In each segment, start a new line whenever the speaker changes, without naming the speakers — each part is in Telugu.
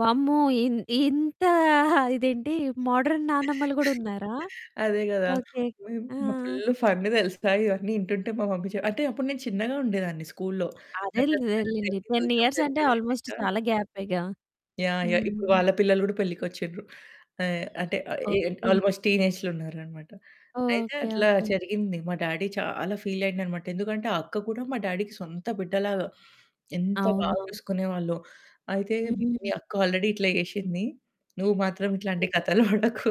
వామ్మో! ఇం ఇంత ఆ ఇదేంటి మోడర్న్ నానమ్మలు గూడున్నారా?
అదే గదా!
ఓకే. ఆ!
మ
ఆ!
ఫుల్ ఫన్ తెలుసా, ఇవన్నీ వింటుంటే, మా మమ్మీ చే అంటే అప్పుడు నేను చిన్నగా ఉండేదాన్ని స్కూల్లో.
అదేలె,
నాకంతగా
అదేలెండి.
తెల్దు.
10
ఇంక
ఇయర్సంటే
పెద్దగా
ఆల్మోస్ట్
అయ్యినంక
చాలా గ్యాపేగా.
యాహ్! యాహ్! ఇప్పుడు
హ్మ్.
వాళ్ళ పిల్లలు కూడా పెళ్ళికి వచ్చిండ్రు. ఆహ్, అంటే ఆహ్, ఎ
ఓకే.
ఆల్మోస్ట్ టీనేజ్‌లో ఉన్నారన్నమాట. అయితే
ఓకే,
అట్లా
ఓకే.
జరిగింది. మా డ్యాడీ చాలా ఫీలయిండన్నమాట. ఎందుకంటే ఆ అక్క కూడా మా డాడీకి సొంత బిడ్డ లాగా. ఎంత బాగా
అవునవును.
చూసుకునేవాళ్ళో. అయితే "మీ
హుహుహు.
అక్క ఆల్రెడీ ఇట్లా చేసింది. నువ్వు మాత్రం
ఓకే.
ఇట్లాంటి కథలు పడకు"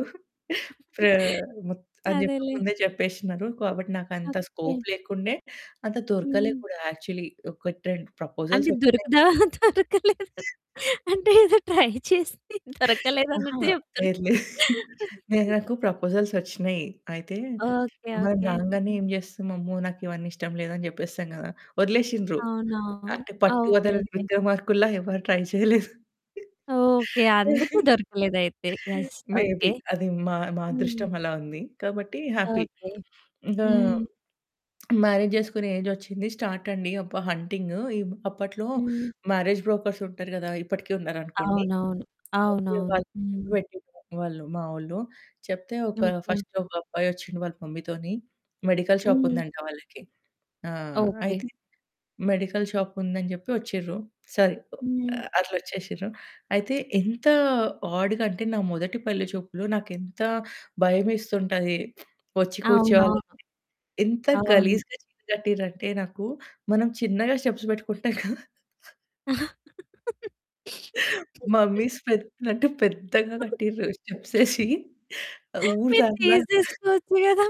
ఫా ఆహ్, మొత్ అని జెప్పి
అదేలే.
ముందే చెప్పేసినరు. కాబట్టి నాకంత
ఓకే.
స్కోప్ లేకుండే అంత దొరకలే
హ్మ్.
గూడా యాక్చువలీ. ఒకట్రెండు
అంటే
ప్రపోజల్స్ వచ్చినయి.
దొరుకుదా దొరకలేదు. అంటే ఏదో ట్రై చేసి
అహా!
దొరకలేదన్నట్టు చెప్తున్నారు.
లేదు లేదు. లేదు, నాకు ప్రపోజల్స్ వచ్చినయి. అయితే
ఓకే,
మనం
ఓకే.
రాగానే
హ్మ్.
ఏం జేస్తాం "అమ్మో! నాకివన్నీ ఇష్టం లేదు" అని జెప్పేస్తాం గదా. వదిలేసింన్రు.
అవునా!
అంటే
ఆ!
పట్టు
ఓకే,
వదలని
ఓకే.
విక్రమార్కుల్లా ఎవరు ట్రై చేయలేదు.
ఓకే. అందుకే దొరకలేదయితే. Yes
maybe.
ఓకే.
అది మా మా
హ్మ్.
అదృష్టం అలా ఉంది. కాబట్టి హ్యాపీ.
ఓకే.
ఇంకా
హ్మ్.
మ్యారేజ్ జేసుకునే ఏజొచ్చింది. స్టార్టండి. అబ్బా! హంటింగు ఇబ్ అప్పట్లో
హ్మ్.
మ్యారేజ్ బ్రోకర్స్ ఉంటారు గదా! ఇప్పటికి ఉన్నారనుకోండి.
అవునవును.
అయితే
అవునవును.
వాళ్ళు
హ్మ్.
తోని చెప్పేట్టిన్రనమాట మా వోళ్ళు. చెప్తే ఒక
ఓకే.
ఫస్టొక అబ్బాయి వచ్చిండు వాళ్ళ మమ్మీ తోని మెడికల్ షాప్
హ్మ్.
ఉందంట వాళ్ళకి. ఆ!
ఓకే.
అయితే మెడికల్ షాప్ ఉందని జెప్పి వచ్చిర్రు. సరే
హ్మ్.
ఆహ్, అట్లా వచ్చేసిర్రు. అయితే ఎంత ఆడ్‌గా అంటే నా మొదటి పెళ్ళి చూపులు నాకెంత భయమేస్తుంటది. వచ్చి కూర్చోవాలంటే.
అవునవును.
ఎంత
అవును.
గలీజ్‌గా చీర కట్టింర్రంటే నాకు, మనం చిన్నగా స్టెప్స్ పెట్టుకుంటాం కదా! మమ్మీస్ పెట్టినట్టు పెద్దగా కట్టిర్రు స్టెప్సేసి, ఊరు
మీరు
దానిలా.
తీసేసుకోవచ్చు గదా!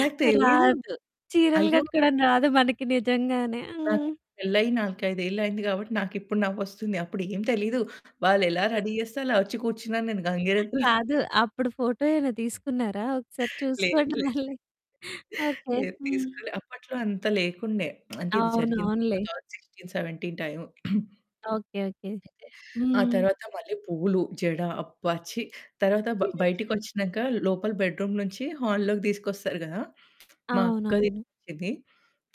నాకు తెలియదు.
రాదు. చీరలు
అయ్యో!
కట్టుకోవడం రాదు మనకి నిజంగానే.
నాకు
హ్మ్.
పెళ్ళయ్యి 4, 5 ఏళ్ళు అయింది గాబట్టి నాకిప్పుడు నవ్వొస్తుంది. అప్పుడు ఏం తెలీదు. వాళ్ళు ఎలా రెడీ జేస్తే, అలా వచ్చి కూర్చున్నా నేను గంగిరెద్దులా.
కాదు. అప్పుడు ఫోటో ఏమైనా తీసుకున్నారా ఒకసారి
లేదు
చూసుకోండి
లేదు.
మళ్ళీ. ఓకే.
లేదు
హ్మ్.
తీసుకోలే. అప్పట్లో అంత లేకుండే. అంటే ఇది
అవును
జరిగింది.
అవునులే.
2016, 17 టైము.
Okay, okay.
ఆ
హ్మ్.
తరువాత మళ్ళి పూలు, జడ. అబ్బా! ఛి. తరువాత బయటికొచ్చినంక లోపల బెడ్‌రూమ్ నుంచి హాలోకి తీసుకొస్తారు గదా! మా అక్కది
అవునవును.
ఇది.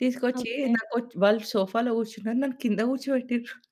తీసుకొచ్చి
ఓకే.
నాకొచ్చి వాళ్ళు సోఫాలో కూర్చున్నారు. నన్ను కింద కూర్చోపెట్టిర్రు.